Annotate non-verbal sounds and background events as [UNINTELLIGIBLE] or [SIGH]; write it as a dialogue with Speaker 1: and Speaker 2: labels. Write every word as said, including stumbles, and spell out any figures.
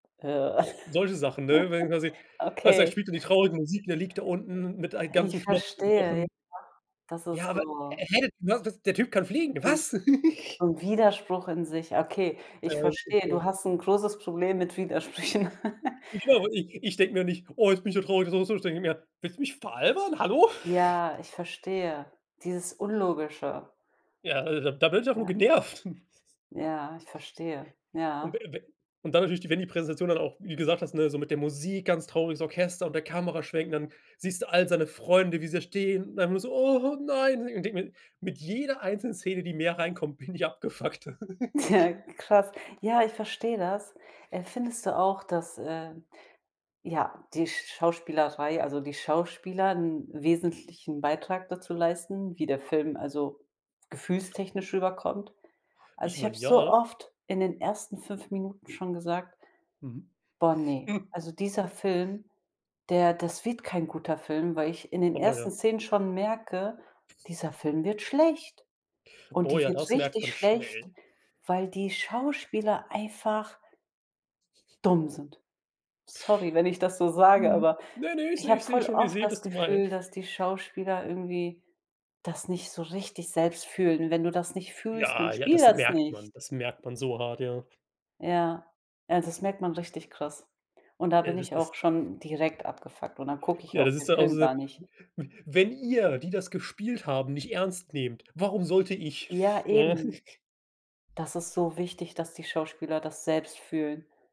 Speaker 1: Äh,
Speaker 2: Solche Sachen, ne? Wenn quasi
Speaker 1: [GIGGLES]
Speaker 2: weißt du, da
Speaker 1: okay.
Speaker 2: spielt dann die traurige Musik und er liegt da unten mit ei
Speaker 1: Ich
Speaker 2: ganzen Knochen
Speaker 1: verstehe, ja.
Speaker 2: gebrochen.
Speaker 1: Das
Speaker 2: Ja,
Speaker 1: ist
Speaker 2: aber
Speaker 1: so
Speaker 2: er hätte, ne, das der Typ kann fliegen,
Speaker 1: [UNINTELLIGIBLE]
Speaker 2: was? [CHUCKLES]
Speaker 1: 'N Widerspruch in sich, okay, ich
Speaker 2: Äh,.
Speaker 1: verstehe, du
Speaker 2: [UNINTELLIGIBLE]
Speaker 1: hast 'n großes Problem mit Widersprüchen. [CHUCKLES]
Speaker 2: Jo, ich ich denke mir nicht: „Oh, jetzt bin ich ja traurig“, [UNINTELLIGIBLE] ich denke mir: „Willst du mich veralbern? Hallo?“ [CHUCKLES]
Speaker 1: Ja, ich verstehe. Dieses Unlogische.
Speaker 2: Ja, äh, da da bin ich einfach nur
Speaker 1: Ja.
Speaker 2: genervt. [CHUCKLES]
Speaker 1: Ja, ich verstehe.
Speaker 2: Und we
Speaker 1: Ja.
Speaker 2: we und dann natürlich, wenn die Präsentation dann auch, wie du gesagt hast, ne, so mit der Musik, ganz trauriges Orchester und der Kameraschwenk und dann siehst du all seine Freunde, wie sie da stehen und dann immer so: „Oh nein“, und ich denke mir, mit jeder einzelnen Szene, die mehr reinkommt, bin ich abgefuckter. [LAUGHS]
Speaker 1: Tja, krass. Ja, ich verstehe das. Äh,
Speaker 2: [CHUCKLES]
Speaker 1: findest du auch, dass, äh, ja, die Schauspielerei also die Schauspieler 'n wesentlichen Beitrag dazu leisten, wie der Film also gefühlstechnisch rüberkommt? Also,
Speaker 2: Ich
Speaker 1: ich habe
Speaker 2: meine
Speaker 1: so
Speaker 2: ja.
Speaker 1: oft in den ersten fünf Minuten schon gesagt:
Speaker 2: Mhm.
Speaker 1: „Boah, ne.
Speaker 2: Hm
Speaker 1: Also, dieser Film, der das wird kein guter Film“, weil ich in den
Speaker 2: Oh ja.
Speaker 1: ersten Szenen schon merke: „Dieser Film wird schlecht“, und
Speaker 2: Oh
Speaker 1: die
Speaker 2: ja,
Speaker 1: wird
Speaker 2: das merkt
Speaker 1: richtig
Speaker 2: man
Speaker 1: schlecht,
Speaker 2: schnell.
Speaker 1: weil
Speaker 2: [SNORTS]
Speaker 1: die Schauspieler einfach
Speaker 2: [CHUCKLES]
Speaker 1: dumm sind. Sorry, wenn ich das so sage,
Speaker 2: Mhm.
Speaker 1: aber
Speaker 2: Ne, ne, ich
Speaker 1: ich
Speaker 2: sehe
Speaker 1: habe
Speaker 2: ich sehe
Speaker 1: voll
Speaker 2: schon ich
Speaker 1: oft
Speaker 2: sehe,
Speaker 1: das
Speaker 2: was du mein
Speaker 1: Gefühl, dass die
Speaker 2: [CHUCKLES]
Speaker 1: Schauspieler irgendwie das nicht so richtig selbst fühlen. Wenn du das nicht fühlst, dann
Speaker 2: Ja, ja,
Speaker 1: spiel
Speaker 2: das
Speaker 1: das
Speaker 2: merkt
Speaker 1: nicht.
Speaker 2: man. Das merkt man so hart, ja. [SNORTS]
Speaker 1: Ja, also das merkt man richtig krass und da
Speaker 2: Äh,
Speaker 1: bin
Speaker 2: das
Speaker 1: ich
Speaker 2: ist
Speaker 1: auch schon direkt abgefuckt und dann gucke ich
Speaker 2: Ja,
Speaker 1: auch
Speaker 2: das ist
Speaker 1: den
Speaker 2: dann auch
Speaker 1: Film
Speaker 2: so:
Speaker 1: gar nicht.
Speaker 2: „W wenn ihr, die das gespielt haben, nicht ernst nehmt, warum sollte ich?“
Speaker 1: Ja,
Speaker 2: [CHUCKLES] Ne?
Speaker 1: eben.
Speaker 2: [CHUCKLES]
Speaker 1: Das ist so wichtig, dass die Schauspieler das selbst fühlen.